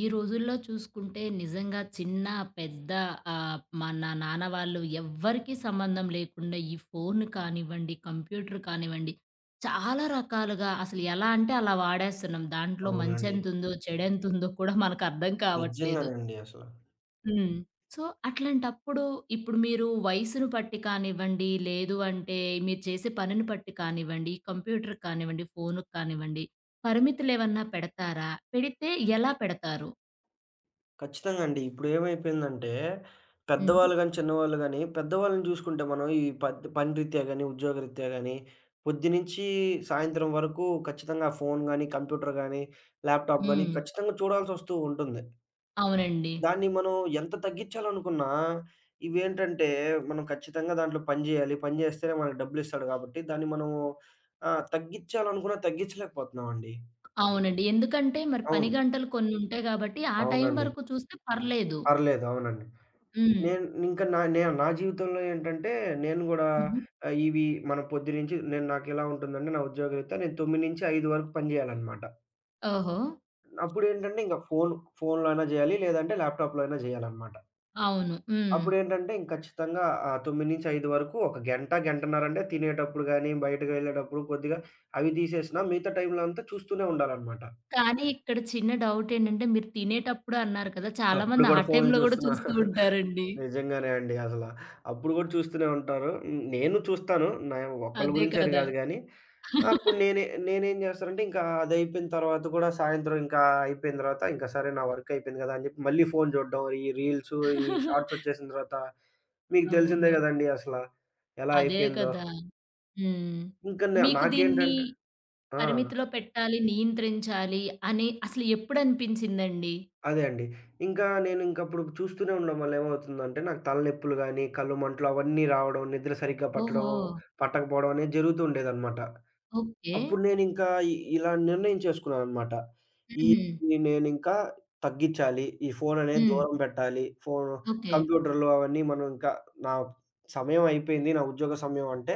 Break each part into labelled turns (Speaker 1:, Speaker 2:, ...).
Speaker 1: ఈ రోజుల్లో చూసుకుంటే నిజంగా చిన్న, పెద్ద ఆహ్, మన నాన్న వాళ్ళు ఎవ్వరికీ సంబంధం లేకుండా ఈ ఫోను కానివ్వండి, కంప్యూటరు కానివ్వండి, చాలా రకాలుగా అసలు ఎలా అంటే అలా వాడేస్తున్నాం. దాంట్లో
Speaker 2: అవునండి.
Speaker 1: మంచేంతుందో, చెడేంతుందో కూడా మనకర్థం కావట్లేదు.
Speaker 2: నిజంగానండి అసల.
Speaker 1: హ్మ్. సో, అట్లాంటప్పుడు ఇప్పుడు మీరు వయసును పట్టి కానివ్వండి, లేదు అంటే మీరు చేసే పనిని పట్టి కానివ్వండి, కంప్యూటరు కానివ్వండి, ఫోనుకు కానివ్వండి, పరిమితులు ఏమన్నా పెడతారా? పెడితే ఎలా పెడతారు?
Speaker 2: ఖచ్చితంగా అండి. ఇప్పుడు ఏమైపోయిందంటే,
Speaker 1: హుహు.
Speaker 2: పెద్దవాళ్ళు గానీ, చిన్నవాళ్ళు గాని, పెద్దవాళ్ళని చూసుకుంటే మనం ఈ పత్ పని రీత్యా గాని, ఉద్యోగరీత్యా గాని పొద్దునుంచి సాయంత్రం వరకు ఖచ్చితంగా ఫోను గానీ, కంప్యూటరు గానీ, ల్యాప్‌టాప్ గానీ
Speaker 1: హ్మ్.
Speaker 2: ఖచ్చితంగా చూడాల్సొస్తూ ఉంటుంది.
Speaker 1: అవునండి.
Speaker 2: దాన్ని మనం ఎంత తగ్గించాలనుకున్నా ఇవేంటంటే, మనం ఖచ్చితంగా దాంట్లో పని జేయాలి. పని జేస్తేనే మనకు డబ్బులిస్తాడు గాబట్టి, దాన్ని మనము ఆహ్, తగ్గిచ్చాలనుకున్న తగ్గిచలేకపోతున్నాం అండి.
Speaker 1: అవునండి. ఎందుకంటే మరి పని
Speaker 2: అవును.
Speaker 1: గంటలు కొనుంటాయి గాబట్టి, ఆ టైం
Speaker 2: అవునండి.
Speaker 1: వరకు చూస్తే పర్లేదు.
Speaker 2: పర్లేదు. అవునండి.
Speaker 1: హ్మ్.
Speaker 2: నేను ఇంకా నే నా జీవితంలో ఏంటంటే నేను గూడా
Speaker 1: హుహు.
Speaker 2: ఆహ్, ఇవి మనం పొద్దునించి నేను నాకేలా ఉంటుందంటే నా ఉద్యోగ రీత్యా నేను 9-5 వరకు పని జేయాలన్నమాట.
Speaker 1: ఓహో!
Speaker 2: అప్పుడేంటంటే, ఇంగ ఫోను, ఫోనులో అయిన జేయాలి లేదంటే ల్యాప్‌టాప్‌‌లో అయినా జేయాలన్నమాట.
Speaker 1: అవును. హ్మ్.
Speaker 2: అప్పుడేంటంటే, ఖచ్చితంగా ఆ 9- 5 వరకు ఒక గంట గంటన్నరంటే తినేటప్పుడు గాని, బయటకెళ్ళేటప్పుడు కొద్దిగా అవి తీసేసినా మిగతా టైంలో అంతా చూస్తూనే ఉండాలన్నమాట.
Speaker 1: కానీ ఇక్కడ చిన్న డౌటేంటంటే, మీరు తినేటప్పుడు అన్నారు కదా,
Speaker 2: అప్పుడు
Speaker 1: చాలామంది ఆ
Speaker 2: గూడా ఫోన్లు
Speaker 1: టైంలో కూడా
Speaker 2: చూస్తున్నా
Speaker 1: చూస్తూ ఉంటారండి.
Speaker 2: నిజంగానే అండి అసల. అప్పుడు గూడా చూస్తూనే ఉంటారు. హ్మ్, నేను చూస్తాను. న్యావ్ ఒక్కళ్ళ
Speaker 1: అదే
Speaker 2: గురించి అని
Speaker 1: కదా!
Speaker 2: కాదు గానీ, అప్పుడు నేనే నేనేం జేస్తానంటే, ఇంకా అదయిపోయిన తర్వాత గూడా, సాయంత్రం ఇంకా అయిపోయిన తర్వాత ఇంక సరే నా వర్కయిపోయింది గదా అని చెప్పి, మళ్ళీ ఫోను చూడ్డం, ఈ రీల్సు, ఈ షార్ట్సొచ్చేసిన తర్వాత మీకు తెలిసిందే
Speaker 1: అవును.
Speaker 2: గదండీ అసల! ఎలా
Speaker 1: అదే
Speaker 2: అయిపోయిందో.
Speaker 1: కదా! హ్మ్.
Speaker 2: ఇంక నె
Speaker 1: మీకు దీన్ని
Speaker 2: నాకేంటంటే ఆ!
Speaker 1: పరిమితిలో పెట్టాలి, నియంత్రించాలి అని అసలు ఎప్పుడు అనిపించిందండి?
Speaker 2: అదే అండి. ఇంకా నేనింకప్పుడు చూస్తూనే ఉండడం వల్ల ఏమవుతుందంటే, నాకు తలనొప్పులు గానీ కళ్ళు మంటలు అవన్నీ రావడం, నిద్ర సరిగ్గా పట్టడం
Speaker 1: ఓహో!
Speaker 2: పట్టకపోవడం అనేది జరుగుతూ ఉండేదనమాట.
Speaker 1: ఓకే.
Speaker 2: అప్పుడు నేనింకా ఇ ఇలా నిర్ణయించేసుకున్నాననమాట. ఈ
Speaker 1: హుహు.
Speaker 2: నేనింకా తగ్గిచ్చాలి, ఈ ఫోను అనేది
Speaker 1: హ్మ్.
Speaker 2: దూరం బెట్టాలి. ఫో
Speaker 1: ఓకే.
Speaker 2: కంప్యూటర్లు అవన్నీ మనం ఇంకా నా సమయం అయిపోయింది. నా ఉద్యోగ సమయం అంటే,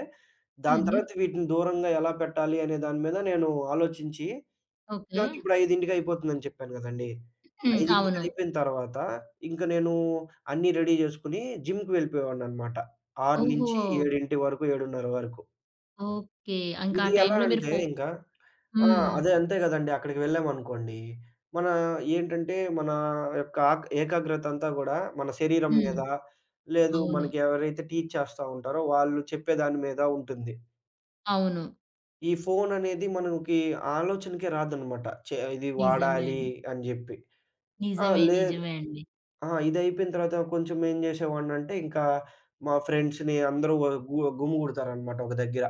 Speaker 2: దాని
Speaker 1: హుహు.
Speaker 2: తర్వాత వీటిని దూరంగా ఎలా పెట్టాలి అనే దాని మీద నేను ఆలోచించి,
Speaker 1: ఓకే.
Speaker 2: నాకిప్పుడు 5:00కి అయిపోతుందని చెప్పాను గదండీ.
Speaker 1: హ్మ్.
Speaker 2: 5:00కి
Speaker 1: అవును.
Speaker 2: అయిపోయిన తర్వాత, ఇంకా నేను అన్ని రెడీ జేసుకొని జిమ్‌కెళ్ళిపోయేవాడినన్నమాట. ఆరు నుంచి
Speaker 1: ఓహో!
Speaker 2: ఏడింటి వరకు 7:30 వరకు.
Speaker 1: ఓకే. ఇంకా
Speaker 2: ఇది ఎలా
Speaker 1: టైంలో మీరు
Speaker 2: అంటే
Speaker 1: ఫో
Speaker 2: ఇంక,
Speaker 1: హ్మ్.
Speaker 2: ఆహ్, అదే అంతే గదండి అక్కడికెళ్ళామనుకోండి, మనా ఏంటంటే, మనా యొక్క ఆగ్ ఏకాగ్రతంతా గూడా, మన శరీరం
Speaker 1: హ్మ్.
Speaker 2: మీద, లేదు
Speaker 1: అవును.
Speaker 2: మనకి ఎవరైతే టీచ్ చేస్తా ఉంటారో, వాళ్ళు చెప్పే దాని మీద ఉంటుంది.
Speaker 1: అవును.
Speaker 2: ఈ ఫోననేది మనంకి ఆలోచనకే రాదనమాట. చే ఇది
Speaker 1: నిజమే
Speaker 2: వాడాలి
Speaker 1: అండి.
Speaker 2: అని జెప్పి. ఆ!
Speaker 1: నిజమే.
Speaker 2: లే
Speaker 1: నిజమే అండి.
Speaker 2: ఆ! ఇదయిపోయిన తర్వాత కొంచెం ఏం జేసేవాడినంటే, ఇంకా మా ఫ్రెండ్స్‌ని అందరూ గు‌మ్ గుమిగుడతారనమాట ఒక దగ్గెర.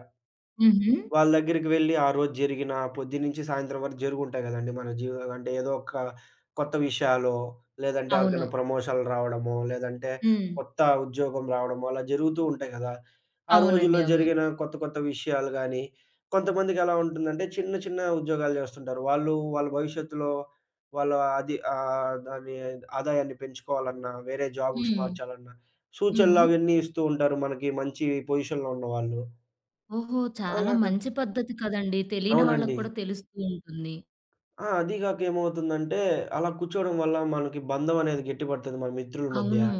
Speaker 1: హుహు.
Speaker 2: వాళ్ళ దగ్గరికి వెళ్లి ఆ రోజు జరిగిన పొద్దున్నించి సాయంత్రం వరకు జరిగుంటాయి గదండీ మన జీవ్ అంటే ఏదో ఒక కొత్త విషయాలో, లేదంటే ఎవరికైనా
Speaker 1: అవును.
Speaker 2: ప్రమోషన్లు రావడమో, లేదంటే
Speaker 1: హ్మ్.
Speaker 2: కొత్త ఉద్యోగం రావడమో అలా జరుగుతూ ఉంటాయి గదా! ఆ
Speaker 1: అవునండి.
Speaker 2: రోజుల్లో
Speaker 1: అవును.
Speaker 2: జరిగిన కొత్త కొత్త విషయాలు గానీ, కొంతమందికి ఎలా ఉంటుందంటే, చిన్న చిన్న ఉద్యోగాలు జేస్తుంటారు. వాళ్ళూ వాళ్ళ భవిష్యత్తులో వాళ్ళ అది ఆహ్, అది ఆదాయాన్ని పెంచుకోవాలన్నా వేరే జాబ్స్‌కి
Speaker 1: హ్మ్.
Speaker 2: మార్చాలన్న
Speaker 1: హుహు.
Speaker 2: సూచనలవన్నీ ఇస్తూ ఉంటారు. మనకి మంచి పొజిషన్‌లో ఉన్నవాళ్ళు.
Speaker 1: ఓహో! చాలా
Speaker 2: అలాగ
Speaker 1: మంచి పద్ధతి కదండి. తెలీని వాళ్ళకి
Speaker 2: అవునండి.
Speaker 1: కూడా తెలుస్తూ ఉంటుంది.
Speaker 2: ఆ! అదీ గాక ఏమవుతుందంటే, అలా కూర్చోవడం వల్ల, మనకి బంధం అనేది గట్టి పడతది మన మిత్రుల మధ్య.
Speaker 1: అవును.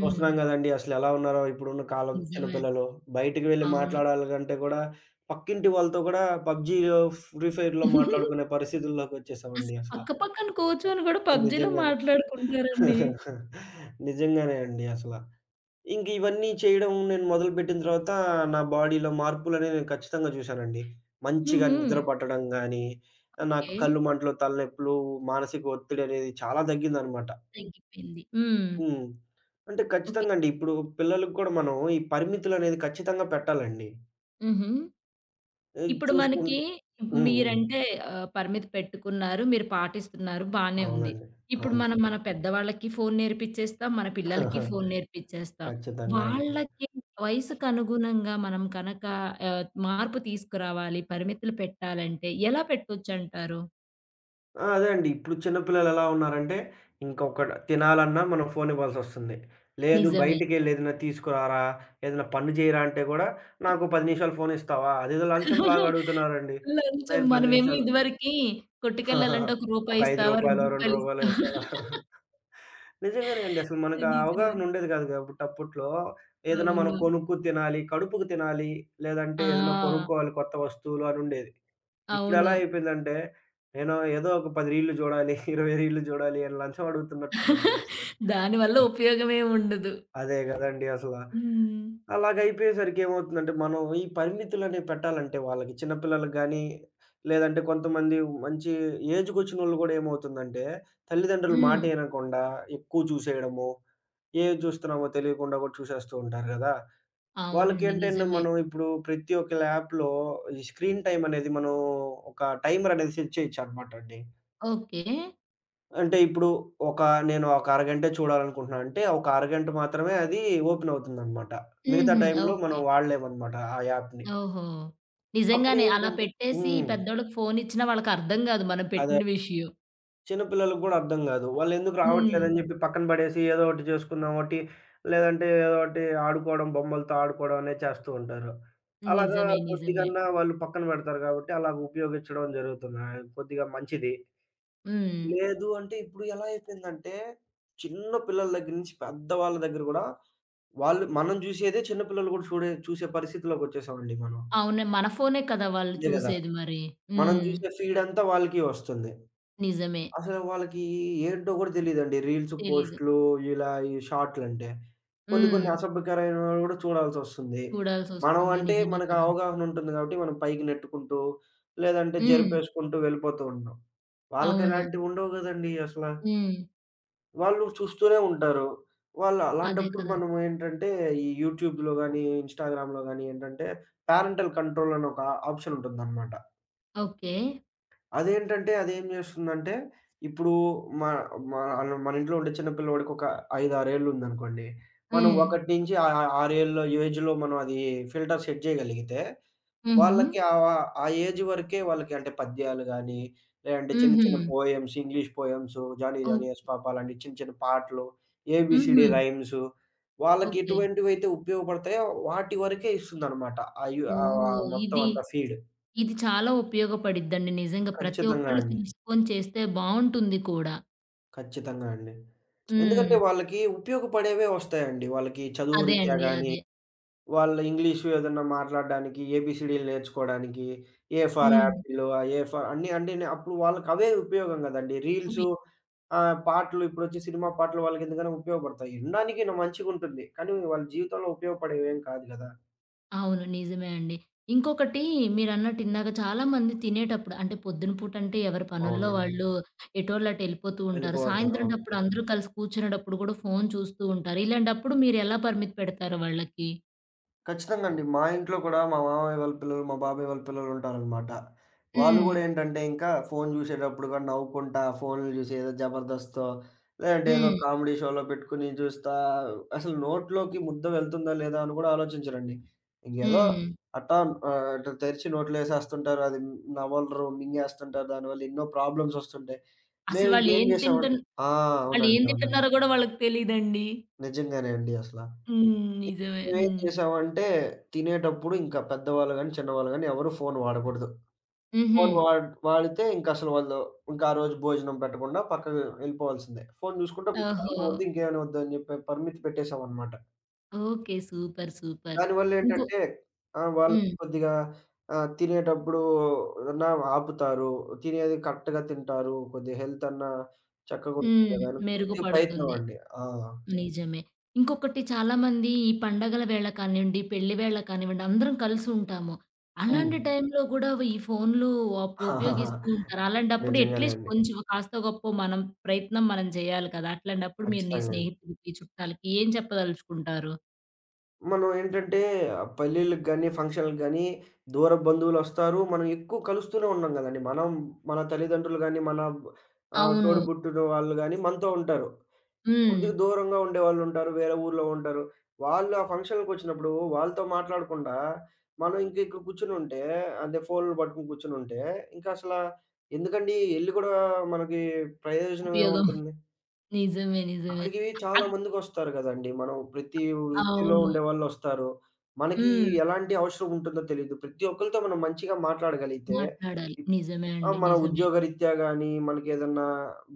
Speaker 2: చూస్తున్నాం గదండీ, అసలెలా ఉన్నారో ఇప్పుడున్న కాలం
Speaker 1: నిజమే.
Speaker 2: చిన్నపిల్లలు, బయటికి వెళ్లి
Speaker 1: అవును.
Speaker 2: మాట్లాడాలంటే గూడా, పక్కింటి వాళ్ళతో గూడా పబ్‌జీయో, ఫ్రీఫైర్‌లో మాట్లాడుకునే పరిస్థితుల్లోకొచ్చేసామండి
Speaker 1: అసల
Speaker 2: అసల.
Speaker 1: పక్క పక్కన కూర్చొని గూడా,
Speaker 2: కానీ
Speaker 1: పబ్‌జీలో
Speaker 2: నిజంగానే,
Speaker 1: మాట్లాడుకుంటారండి.
Speaker 2: నిజంగానే అండి అసల. ఇంకివన్నీ చేయడం నేను మొదలుపెట్టిన తరవాతా, నా బాడీ‌లో మార్పులనేవి నేను ఖచ్చితంగా జూశానండి. మంచిగా
Speaker 1: హుహు.
Speaker 2: నిద్ర పట్టడం గాని, ఆహ్, నాకు
Speaker 1: ఓకే.
Speaker 2: కళ్ళు మంటలు, తలనొప్పులు, మానసిక ఒత్తిడనేది చాలా దగ్గిందనమాట.
Speaker 1: తగ్గిపోయింది. హ్మ్.
Speaker 2: హ్మ్. అంటే
Speaker 1: ఓకే.
Speaker 2: ఖచ్చితంగండి, ఇప్పుడు పిల్లలకి కూడా, మనం ఈ పరిమితులనేవి ఖచ్చితంగా పెట్టాలండి.
Speaker 1: హుహు.
Speaker 2: ఏయ్
Speaker 1: ఇప్పుడు మనకీ,
Speaker 2: చూసుకుంటు హ్మ్. హ్మ్.
Speaker 1: మీరంటే ఆహ్, పరిమితి పెట్టుకున్నారు, మీరు పాటిస్తున్నారు బానే ఉంది.
Speaker 2: అవునండి.
Speaker 1: ఇప్పుడు మనం
Speaker 2: అవునండి.
Speaker 1: మన పెద్దవాళ్ళకీ ఫోను నేర్పిచేస్తాం, మన పిల్లలకి ఫోను నేర్పిచేస్తాం.
Speaker 2: ఖచ్చితంగా అండి.
Speaker 1: వాళ్ళకి వయసుకనుగుణంగా మనం కనక ఆహ్, మార్పు తీసుకురావాలి, పరిమితులు పెట్టాలంటే, ఎలా పెట్టొచ్చంటారు?
Speaker 2: ఆ! అదే అండి. ఇప్పుడు చిన్న పిల్లలెలా ఉన్నారంటే, ఇంకొకడు తినాలన్నా మనం ఫోను ఇవ్వాల్సొస్తుంది. లేదు
Speaker 1: నిజమే.
Speaker 2: బయటికెళ్ళి ఏదనా తీసుకురారా ఏదనా పని జేయరంటే, గూడా నాకో 10 నిమిషాలు ఫోను ఇస్తావా? అదేదో లంచం లాగా అడుగుతున్నారండి.
Speaker 1: లంచం
Speaker 2: నేను 10
Speaker 1: మనమేమో
Speaker 2: నిమిషాలు
Speaker 1: ఇదివరకి కొట్టుకెళ్ళాలంటే, ఒక
Speaker 2: ఒక
Speaker 1: రూపాయి
Speaker 2: 5
Speaker 1: ఇస్తావా, రెండు
Speaker 2: రూపాయలో, 2
Speaker 1: రూపాయలు
Speaker 2: రూపాయలో
Speaker 1: ఇస్తావా?
Speaker 2: ఇస్తావా? నిజంగానే అండి, అసలు మనకా
Speaker 1: అని ఇచ్చేవాల్
Speaker 2: అవగాహన ఉండేది గాదు గాబట్టి అప్పట్లో ఏదైనా మనం
Speaker 1: అవును.
Speaker 2: కొనుక్కు తినాలి. కడుపుకి తినాలి. లేదంటే ఏదన్నా
Speaker 1: ఆ!
Speaker 2: కొనుక్కోవాలి కొత్త వస్తువులు అనుండేది. ఇప్పుడెలా
Speaker 1: అవును.
Speaker 2: అయిపోయిందంటే, నేను ఏదో ఒక 10 రీల్లు జూడాలి. 20 రీల్లు జూడాలి అని లంచం అడుగుతున్నట్టుందండి అసలది.
Speaker 1: దాని వల్ల
Speaker 2: ఆ!
Speaker 1: ఉపయోగం ఏం ఉండదు.
Speaker 2: అదే గదండీ అసల.
Speaker 1: హ్మ్.
Speaker 2: అలాగయిపోయేసరికి ఏమవుతుందంటే, మనం ఈ పరిమితులనేవి పెట్టాలంటే, వాళ్ళకి చిన్నపిల్లలకు గాని, లేదంటే కొంతమంది మంచి ఏజ్‌కోచ్చినోళ్ళు గూడా ఏమవుతుందంటే, తల్లిదండ్రులు మాట
Speaker 1: హ్మ్.
Speaker 2: ఇనకుండా, ఎక్కువ చూసేయడము, ఏది జుస్తున్నామో తెలియకుండా కూడా చూసేస్తూంటారు గదా!
Speaker 1: అవునండి.
Speaker 2: వాళ్ళకేంటంటే,
Speaker 1: నిజమే.
Speaker 2: మనం ఇప్పుడు ప్రతి ఒక్క ల్యాప్‌లో ఈ స్క్రీన్ టైమ్ అనేది మనం ఒక టైమరనేది సెట్ చేయొచ్చన్నమాట అండి.
Speaker 1: ఓకే.
Speaker 2: అంటే ఇప్పుడు. ఒక నేను ఒక అరగంట చూడాలనుకుంటున్నాను అంటే, ఒక అరగంట మాత్రమే అది ఓపెన్ అవుతుందన్నమాట. మిగతా
Speaker 1: హుహు.
Speaker 2: టైంలో మనం
Speaker 1: ఓకే.
Speaker 2: వాడలేమన్నమాట. ఆ యాప్‌ని.
Speaker 1: ఓహో!
Speaker 2: అప్పుడు
Speaker 1: నిజంగానే. అలా
Speaker 2: ఏంటంటే
Speaker 1: పెట్టేసి ఈ
Speaker 2: హ్మ్.
Speaker 1: పెద్దోళ్ళకి ఫోను ఇచ్చినా వాళ్ళకర్థం గాదు. మనం
Speaker 2: అదే.
Speaker 1: పెట్టిన విషయం.
Speaker 2: చిన్నపిల్లలకి గూడా అర్థం గాదు. వాళ్ళెందుకు
Speaker 1: హ్మ్.
Speaker 2: రావట్లేదని జెప్పి పక్కన బడేసి ఏదోటి చేసుకున్నాం ఓటి. లేదంటే ఏదోటి ఆడుకోవడం, బొమ్మలతో ఆడుకోవడం అనేది చేస్తూ ఉంటారు. అలాగా
Speaker 1: నిజమే. నిజమే.
Speaker 2: కొద్దిగన్నా వాళ్ళు పక్కన బెడతారు గాబట్టి, అలాగా ఉపయోగించడం జరుగుతుంది. ఆహ్, కొద్దిగా మంచిది.
Speaker 1: హ్మ్.
Speaker 2: లేదు అంటే, ఇప్పుడు ఎలా అయిపోయిందంటే, చిన్న పిల్లల దగ్గర నుంచి పెద్దవాళ్ళ దగ్గర గూడా వాళ్ళు మనం జూశేదే చిన్న పిల్లలు గూడా చూడే చూసే పరిస్థితిలోకొచ్చేసాం అండి మనం.
Speaker 1: అవును. మన ఫోనే కదా! వాళ్ళు
Speaker 2: అంతే గదా!
Speaker 1: చూసేది మరి.
Speaker 2: మనం
Speaker 1: హ్మ్.
Speaker 2: జూసే ఫీడ్ అంతా వాళ్ళకి ఒస్తుంది.
Speaker 1: నిజమే.
Speaker 2: అసలు వాళ్ళకి ఏంటో గూడా తెలియదండి. రీల్స్,
Speaker 1: తెలీదు.
Speaker 2: పోస్ట్‌‌‌‌లు ఇలా ఈ షార్ట్‌‌‌‌‌‌‌‌‌‌‌లంటే. కొన్ని కొన్ని
Speaker 1: హ్మ్.
Speaker 2: అసభ్యకరమైనవి గూడా చూడాల్సొస్తుంది. మనం
Speaker 1: చూడాల్సొస్తుంది.
Speaker 2: అంటే,
Speaker 1: నిజమే
Speaker 2: మనకు
Speaker 1: కదా!
Speaker 2: అవగాహన ఉంటుంది గాబట్టి మనం పైకి నెట్టుకుంటూ, లేదంటే
Speaker 1: హ్మ్.
Speaker 2: జరుపేసుకుంటూ వెళ్ళిపోతూ ఉంటాం. వాళ్ళకి
Speaker 1: అవును.
Speaker 2: అలాంటివి ఉండవు గదండీ అసల.
Speaker 1: హ్మ్.
Speaker 2: వాళ్ళు చూస్తూనే ఉంటారు. వాళ్ళు
Speaker 1: అదే
Speaker 2: అలాంటప్పుడు
Speaker 1: కదా!
Speaker 2: మనమేంటంటే, ఈ యూట్యూబ్‌లో గాని, ఇన్‌స్టాగ్రామ్ గాని ఏంటంటే, పేరెంటల్ కంట్రోల్ అని ఒక ఆప్షన్ ఉంటుందన్నమాట.
Speaker 1: ఓకే.
Speaker 2: అదేంటంటే అదేం జేస్తుందంటే, ఇప్పుడూ మా మా అనం మనింట్లో ఉండే చిన్నపిల్లోడికొక ఐదారేళ్ళుందనుకోండి, మనం
Speaker 1: హ్మ్.
Speaker 2: 1 నించి ఆ ఆ 6ఏళ్ళ ఏజ్‌లో మనం అదీ ఫిల్టర్ సెట్ చేయగలిగితే,
Speaker 1: హుహు.
Speaker 2: వాళ్ళకి ఆ వా ఆ ఏజ్ వరికే వాళ్ళకి అంటే, పద్యాలు గానీ, లేదంటే చిన్న చిన్న
Speaker 1: హుహు.
Speaker 2: Poems, English poems 'Johnny Johnny
Speaker 1: ఓక్
Speaker 2: యస్ పాప' అలాంటి చిన్న చిన్న పాటలు. ఏబీసీడీ
Speaker 1: హుహు.
Speaker 2: రైమ్సు వాళ్ళకి
Speaker 1: ఓకే.
Speaker 2: ఎటువంటివైతే ఉపయోగపడతాయో, వాటి వరకే ఇస్తుందనమాట. ఆ యు
Speaker 1: ఓహో!
Speaker 2: ఆహ్,
Speaker 1: ఇది
Speaker 2: మొత్తమంతా ఫీడ్.
Speaker 1: ఇది చాలా ఉపయోగపడిద్దండి, నిజంగా ప్రతి
Speaker 2: ఖచ్చితంగా
Speaker 1: ఒక్కళ్ళు
Speaker 2: అండి.
Speaker 1: తెలుసుకుని చేస్తే బావుంటుంది కూడా.
Speaker 2: ఖచ్చితంగా అండి. ఎందుకంటే,
Speaker 1: హ్మ్.
Speaker 2: వాళ్ళకీ ఉపయోగపడేవే ఒస్తాయండి. వాళ్ళకి చదువు
Speaker 1: అదే
Speaker 2: రిత్యా
Speaker 1: అండి.
Speaker 2: గానీ,
Speaker 1: అదే.
Speaker 2: వాళ్ళ ఇంగ్లీషు ఎదన్నా మాట్లాడడానికి, ఏబీసీడీలు నేర్చుకోడానికి, ఏ ఫర్
Speaker 1: హ్మ్.
Speaker 2: యాపిలు, ఆహ్, ఏ ఫర్ అన్నీ అండీనే అప్పుడు వాళ్ళకవే ఉపయోగం గదండి.
Speaker 1: ఉపి
Speaker 2: రీల్సు ఆహ్, పాటలు ఇప్పుడొచ్చే సినిమా పాటలు వాళ్ళకెందుకైనా ఉపయోగపడతాయి. ఇనడానికిన మంచిగుంటుంది, కానీ వాళ్ళ జీవితంలో ఉపయోగపడేవేం కాదు గదా!
Speaker 1: అవును. నిజమే అండి. ఇంకొకటీ, మీరన్నట్టు ఇందాక, చాలామంది తినేటప్పుడు అంటే పొద్దున పూటంటే ఎవరి పనుల్లో
Speaker 2: అవునండి.
Speaker 1: వాళ్ళు ఎటోళ్ళటేళ్ళిపోతూ ఉంటారు,
Speaker 2: వెళ్ళిపోతారు అవును.
Speaker 1: సాయంత్రంటప్పుడు అందరూ కలిసి కూర్చునేటప్పుడు గూడా, ఫోను చూస్తూ ఉంటారు. ఇలాంటప్పుడు మీరెలా పరిమితి పెడతారు వాళ్ళకి?
Speaker 2: ఖచ్చితంగా అండి. మా ఇంట్లో కూడా మా మామయ్య వాళ్ళ పిల్లలు, మా బాబాయ్ వాళ్ళ పిల్లలుంటారనమాట. వాళ్ళు
Speaker 1: హ్మ్.
Speaker 2: గూడా ఏంటంటే, ఇంకా ఫోను జూసేటప్పుడు గూడా నవ్వుకుంటా ఫోనులు జూసి ఏదో జబర్దస్తో లేదంటే ఏదో
Speaker 1: హ్మ్.
Speaker 2: కామెడీ‌షోలో పెట్టుకొని జూస్తా, అసలు నోట్లోకి ముద్ద వెళ్తుందా లేదా అని గూడా ఆలోచించరండి. ఇంకేదో
Speaker 1: హ్మ్.
Speaker 2: అట్టా ఆహ్, అటు తెరిచి నోట్లో ఏసేస్తుంటారు. అది నవలరు, మింగేస్తుంటారు. దానివల్ల ఎన్నో ప్రాబ్లమ్సొస్తుంటాయి.
Speaker 1: అసలు వాళ్ళు
Speaker 2: మేమింకేం
Speaker 1: ఏం
Speaker 2: జేసామంటే
Speaker 1: తింటున్
Speaker 2: ఆ! అవునండి.
Speaker 1: వాళ్ళేం
Speaker 2: అవునండి.
Speaker 1: తింటున్నారో గూడా వాళ్ళకి తెలీదండి.
Speaker 2: నిజంగానే అండి అసల.
Speaker 1: హ్మ్.
Speaker 2: ఇంక
Speaker 1: నిజమే.
Speaker 2: మేమేం
Speaker 1: హ్మ్.
Speaker 2: జేసామంటే, తినేటప్పుడు ఇంకా పెద్దవాళ్ళు గానీ, చిన్నవాళ్ళు గాని ఎవరు ఫోను వాడకూడదు. ఫోను
Speaker 1: హుహు.
Speaker 2: వాడి వాడితే ఇంకసలు, వాళ్ళు ఇంకా ఆ రోజు భోజనం పెట్టకుండా పక్కకు ఎళ్ళిపోవాల్సిందే. ఫోను జూసుకుంటే అన్నం
Speaker 1: ఓహో!
Speaker 2: ఒద్దు ఇంకేమైనా ఒద్దు అని జెప్పి పరిమితి పెట్టేసామన్నమాట...
Speaker 1: ఓకే. సూపర్. సూపర్. ఇంకో
Speaker 2: దానివల్లేంటంటే, ఆ! వాళ్ళకి
Speaker 1: హ్మ్.
Speaker 2: కొద్దిగా ఆహ్, తినేటప్పుడు, ఎవరనా ఆపుతారు. తినేది కరెక్ట్‌గా తింటారు. కొద్దిగా హెల్త్ అన్నా చక్కగా ఉంటరు
Speaker 1: హ్మ్.
Speaker 2: గదా! అని కొదిగా ప్రయత్నం
Speaker 1: మెరుగుపడుతుంది.
Speaker 2: అండి. ఆ!
Speaker 1: నిజమే. ఇంకొకటి చాలామంది ఈ పండుగల వేళ కానివ్వండి, పెళ్లి వేళ కానివ్వండి, అందరం కలిసి ఉంటాము. అలాంటి
Speaker 2: హ్మ్.
Speaker 1: టైంలో గూడా ఈ ఫోనులు వాపో ఉపయోగిస్తూ ఉంటారు. అలాంటప్పుడు
Speaker 2: నిజంగానే
Speaker 1: అట్లీస్ట్
Speaker 2: అండి.
Speaker 1: కొంచెం, కాస్తో, గొప్పో మనం ప్రయత్నం మనం జేయాలి గదా! అట్లాంటప్పుడు మీరు మీ
Speaker 2: ఖచ్చితంగా అండి.
Speaker 1: స్నేహితులకి, చుట్టాలకి ఏం చెప్పదలుచుకుంటారు?
Speaker 2: మనం ఏంటంటే, ఆహ్, పెళ్ళిలకి గాని, ఫంక్షనలకి గాని, దూరపు బంధువులోస్తారు. మనం ఎక్కువ కలుస్తూనే ఉన్నాం గదండీ, మనం మన తల్లిదండ్రులు గాని, మన బ్ ఆహ్, తోడు
Speaker 1: అవును.
Speaker 2: బుట్టున వాళ్ళు గాని మనతో ఉంటారు. కొద్దిగా
Speaker 1: హ్మ్.
Speaker 2: దూరంగా ఉండేవాళ్ళు ఉంటారు. వేరే ఊర్లో ఉంటారు. వాళ్ళు ఆ ఫంక్షన్‌లకి ఒచ్చినప్పుడు వాళ్ళతో మాట్లాడకుండా, మనం ఇంకా ఇక్కడ కూర్చొనుంటే, అంటే ఫోనులు పట్టుకొని కూర్చొనుంటే, ఇంకా అసల ఎందుకండీ ఎళ్లి గూడా మనకి ప్రయోజనం ఏం
Speaker 1: ఉపయోగం
Speaker 2: ఉంటుంది?
Speaker 1: నిజమే. నిజమే.
Speaker 2: అక్కడికి చాలా
Speaker 1: ఆహ్
Speaker 2: మందికోస్తారు కదండీ. మనం ప్రతి వృత్తిలో
Speaker 1: అవును.
Speaker 2: ఉండేవాలోస్తారు. మనకి
Speaker 1: హ్మ్.
Speaker 2: ఎలాంటి అవసరం ఉంటుందో తెలీదు. ప్రతి ఒక్కలతో మనం మంచిగా మాట్లాడగలిగితే
Speaker 1: మాట్లాడాలి. నిజమే
Speaker 2: ఆ!
Speaker 1: అండి.
Speaker 2: మన
Speaker 1: నిజమే.
Speaker 2: ఉద్యోగరీత్యా గాని, మనకేదన్నా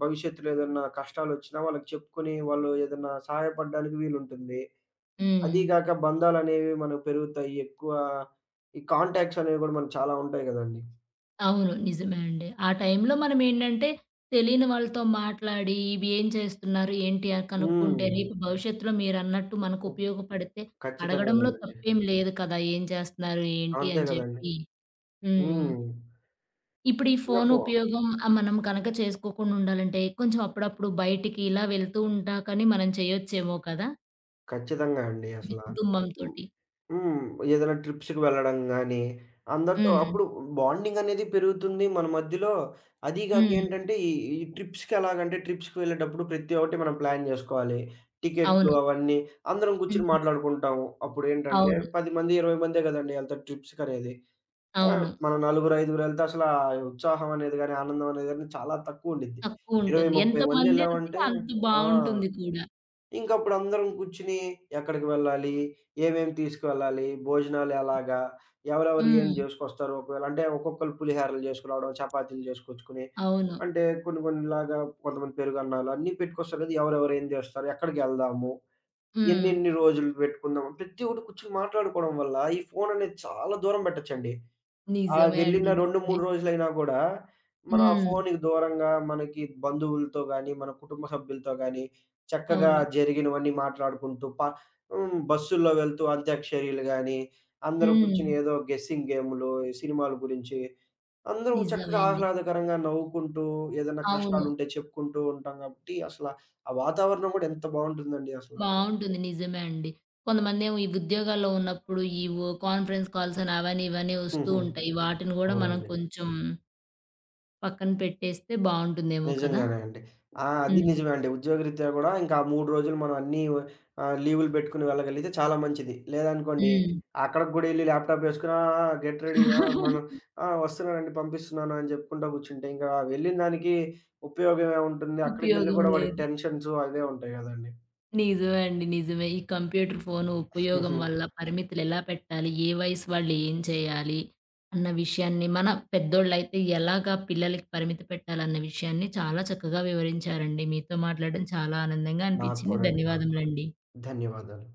Speaker 2: భవిష్యత్తులో ఏదన్నా కష్టాలోచ్చిన, వాళ్ళకి చెప్పుకొని వాళ్ళు ఏదైనా సహాయపడడానికి వీలుంటుంది. అది
Speaker 1: హ్మ్.
Speaker 2: గాక బంధాలనేవి మనకు పెరుగుతాయి. ఎక్కువ ఈ కాంటాక్ట్స్ అనేవి గూడా మనకి చాలా ఉంటాయి గదండీ.
Speaker 1: అవును. నిజమే అండి. ఆ టైంలో మనం ఏంటంటే, తెలియని వాళ్ళతో మాట్లాడి, ఇవి ఏం చేస్తున్నారు? ఏంటి? ఆ కనుక్కుంటే
Speaker 2: హ్మ్.
Speaker 1: రేపు భవిష్యత్తులో మీరన్నట్టు మనకు
Speaker 2: ఒ
Speaker 1: ఉపయోగపడితే,
Speaker 2: ఖచ్చితంగా
Speaker 1: అడగడంలో
Speaker 2: గదండి.
Speaker 1: తప్పేమి లేదు కదా! ఏం చేస్తున్నారు, ఏంటి
Speaker 2: అంతే
Speaker 1: అని
Speaker 2: కదండీ.
Speaker 1: చెప్పి. హ్మ్.
Speaker 2: హ్మ్.
Speaker 1: ఇప్పుడు ఈ
Speaker 2: ఇంగా
Speaker 1: ఫోను
Speaker 2: ఫో
Speaker 1: ఉపయోగం ఆ మనం గనక చేసుకోకుండా ఉండాలంటే, కొంచెం అప్పుడప్పుడు బయటికి ఇలా వెళ్తూ ఉంటా కానీ మనం చేయొచ్చేమో కదా?
Speaker 2: ఖచ్చితంగా అండి.
Speaker 1: మీ
Speaker 2: అసల హ్మ్,
Speaker 1: కుటుంబంతోటి.
Speaker 2: హ్మ్. ఏదైనా ట్రిప్స్‌కి వెళ్ళడం గానీ, అందరితో
Speaker 1: హ్మ్.
Speaker 2: అప్పుడు బాండింగనేది పెరుగుతుంది. మన మధ్యలో అది
Speaker 1: హ్మ్.
Speaker 2: గాకేంటంటే ఈ ఈ ట్రిప్స్‌కెలాగంటే ట్రిప్స్‌కి వెళ్ళేటప్పుడు ప్రత్తి ఒక్కటి మనం ప్లాన్ జేసుకోవాలి. టికెట్లు
Speaker 1: అవును.
Speaker 2: అవన్నీ అందరం కూర్చొని
Speaker 1: హ్మ్.
Speaker 2: మాట్లాడుకుంటాం. అప్పుడేంటంటే
Speaker 1: అవును.
Speaker 2: 10 మంది, 20 మందే గదండీ ఎళ్తారు ట్రిప్స్‌కనేది. ఆ!
Speaker 1: అవును.
Speaker 2: మనం నలుగురైదుగురెళ్తే అసలా ఉత్సాహం అనేది గానీ ఆనందం అనేది గానీ చాలా తక్కువుండిద్ది. ఇరవై,
Speaker 1: తక్కువుంటుంది.
Speaker 2: ముప్పై
Speaker 1: ఎంతమందెళ్తే
Speaker 2: మందెళ్ళావంటే
Speaker 1: అంత
Speaker 2: ఆ!
Speaker 1: బావుంటుంది కూడా.
Speaker 2: ఇంకప్పుడందరం గుర్చిని ఎక్కడికి వెళ్ళాలి, ఏమేమి తీసుకువెళ్లాలి, భోజనాలెలాగా, ఎవరెవరు ఏం
Speaker 1: హ్మ్.
Speaker 2: జేసుకొస్తారు. ఒకవేళ అంటే ఒక్కొక్కలు పులిహోరలు జేసుకు రావడం, చపాతీలు జేసుకొచ్చుకుని,
Speaker 1: అవును.
Speaker 2: అంటే కొన్ని కొన్నిలాగా కొంతమంది పెరుగన్నాలు అన్ని పెట్టుకొస్తారు గదా! ఎవరెవరేం జేస్తారు, ఎక్కడికెళ్దాము,
Speaker 1: హ్మ్.
Speaker 2: ఎన్నెన్ని రోజులు బెట్టుకుందాం. ప్రతి ఒక్కటి కూర్చొని మాట్లాడుకోడం వల్ల ఈ ఫోననేది చాలా దూరం బెట్టచ్చండి. ఆహ్,
Speaker 1: నిజమే
Speaker 2: వెళ్ళిన
Speaker 1: అండి.
Speaker 2: రెండు,
Speaker 1: నిజమే.
Speaker 2: మూడు రోజులైనా గూడా మనం ఆ
Speaker 1: హ్మ్.
Speaker 2: ఫోనుకి దూరంగా మనకి బంధువులతో గానీ, మన కుటుంబ సభ్యులతో గానీ చక్కగా
Speaker 1: అవును.
Speaker 2: జరిగినవన్నీ మాట్లాడుకుంటూ పా హ్మ్. బస్సుల్లో వెళ్తూ అంత్యాక్షరియలు గానీ, అందరూ గూర్చొని
Speaker 1: హ్మ్.
Speaker 2: ఏదో గెసింగ్ గేమ్‌లు ఈ సినిమాలు గురించి అందరం చక్కగా
Speaker 1: నిజమేంది?
Speaker 2: ఆహ్లాదకరంగా నవ్వుకుంటూ ఏదైనా
Speaker 1: అవును.
Speaker 2: కష్టాలుంటే చెప్పుకుంటూ ఉంటాం కాబట్టి అసల ఆ వాతావరణం గూడా ఎంత బావుంటుందండి అసల.
Speaker 1: బావుంటుంది. నిజమే అండి. కొంతమందేమో ఈ ఉద్యోగాల్లో ఉన్నప్పుడు ఈ ఒ కాన్ఫరెన్స్ కాల్సని, అవని ఇవని ఒస్తూ
Speaker 2: హుహు.
Speaker 1: ఉంటాయి. వాటిని గూడా మనం
Speaker 2: అవునండి.
Speaker 1: కొంచుం... పక్కన పెట్టేస్తే బావుంటుందేమో కదా!
Speaker 2: నిజంగానే అండి. ఆ! అదీ
Speaker 1: హ్మ్.
Speaker 2: నిజమే అండి. ఉద్యోగ రీత్యా గూడా ఇంకా 3 రోజులు మనం అన్నీ ఒ ఆహ్, లీవులు బెట్టుకొని వెళ్ళగలిగితే చాలా మంచిది. లేదనుకోండి
Speaker 1: హ్మ్.
Speaker 2: అక్కడికి గూడా ఎళ్లి ల్యాప్‌టాపేసుకొని ఆ! ఆ! గెట్ రెడీయా? మనం ఆ! వస్తన్నామండి పంపిస్తున్నానని జెప్పుకుంటా గూర్చుంటే ఇంకా వెళ్ళినదానికి ఉపయోగమేముంటుంది. అక్కడికి వెళ్లి
Speaker 1: ఉపయోగం
Speaker 2: కూడా వాడికి
Speaker 1: లేదు.
Speaker 2: టెన్షన్సు అవే ఉంటాయి గదండి.
Speaker 1: నిజమే అండి. నిజమే. ఈ కంప్యూటర్ ఫోన్ ఉపయోగం
Speaker 2: హుహు.
Speaker 1: వల్ల పరిమితులెలా పెట్టాలి, ఏ వయసు వాళ్ళు ఏం చేయాలి అన్న విషయాన్ని మన పెద్దోళ్ళయితే ఎలాగా పిల్లలకి పరిమితి పెట్టాలి అన్న విషయాన్ని చాలా చక్కగా వివరించారండి. మీతో మాట్లాడడం చాలా ఆనందంగా
Speaker 2: నాకు
Speaker 1: అనిపిచింది.
Speaker 2: కూడా అండి. నాకు కూడా.
Speaker 1: ధన్యవాదములండి.
Speaker 2: ధన్యవాదాలు.